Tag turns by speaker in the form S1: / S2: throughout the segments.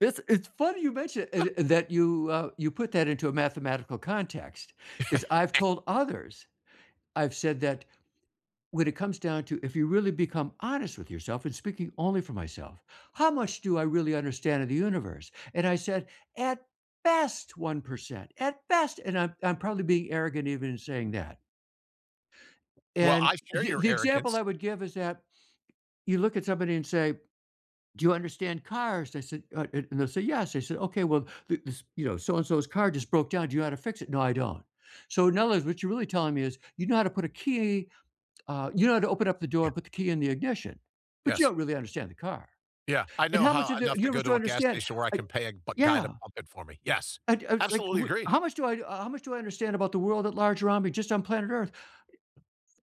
S1: It's it's funny you mentioned a a that you, uh, you put that into a mathematical context, 'cause I've
S2: Eh
S1: told others, I've said that, "When it comes down to, if you really become honest with yourself and speaking only for myself, how much do I really understand of the universe?" and I said, "At best, 1%." At best, and I'm I'm probably being arrogant even in saying that.
S2: Well,
S1: And
S2: I share
S1: the
S2: your
S1: the example
S2: arrogance.
S1: I would give is that you look at somebody and say, "Do you understand cars?" I said, uh, and they'll say "Yes." I said, "Okay, well, this, you know, so and so's car just broke down. Do you know how to fix it?" "No, I don't." "So in other words, what you're really telling me is, you know how to put a key, uh, you know how to open up the door
S2: Yeah.
S1: and put the key in the ignition, but you
S2: Yes.
S1: don't really understand the car,"
S2: Yeah, I
S1: and
S2: know
S1: how much
S2: how
S1: of the
S2: enough to go
S1: universe do
S2: to
S1: you
S2: a gas
S1: understand,
S2: station where I
S1: like
S2: can pay a bu guy to
S1: Yeah.
S2: pump it for me. Yes,
S1: I d I was like,
S2: absolutely
S1: what
S2: agree.
S1: how much do I how much do I understand about the world at large around me just on planet Earth?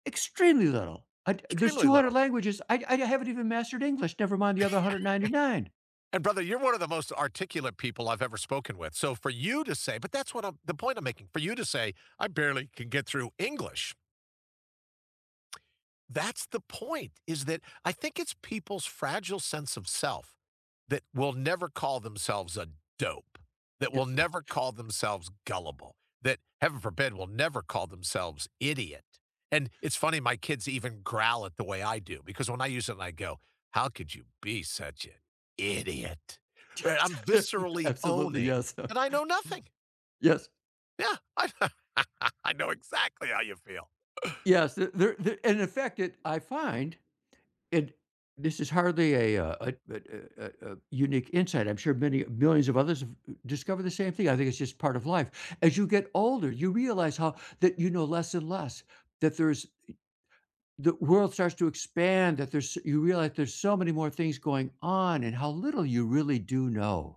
S1: Extremely little. I there's
S2: Extremely
S1: 200
S2: little.
S1: languages. I I haven't even mastered English, never mind the other 199.
S2: And brother, you're one of the most articulate people I've ever spoken with, so for you to say but that's what I'm the point I'm making, for you to say, "I barely can get through English." That's the point, is that I think it's people's fragile sense of self, that will never call themselves a dope, that will
S1: It's
S2: never call themselves gullible, that heaven forbid, will never call themselves idiot, and it's funny my kids even growl at the way I do, because when I use it and I go, "How could you be such an idiot?" Right? I'm viscerally
S1: Absolutely,
S2: owning,
S1: yes.
S2: and I know nothing.
S1: Yes.
S2: Yeah, I I know exactly how you feel.
S1: Yes, there there in the fact that I find, and this is hardly a, uh, a a a a a unique insight. I'm sure many millions of others have discovered the same thing. I think it's just part of life. As you get older, you realize how that you know less and less, that there's the world starts to expand, that there's you realize there's so many more things going on and how little you really do know.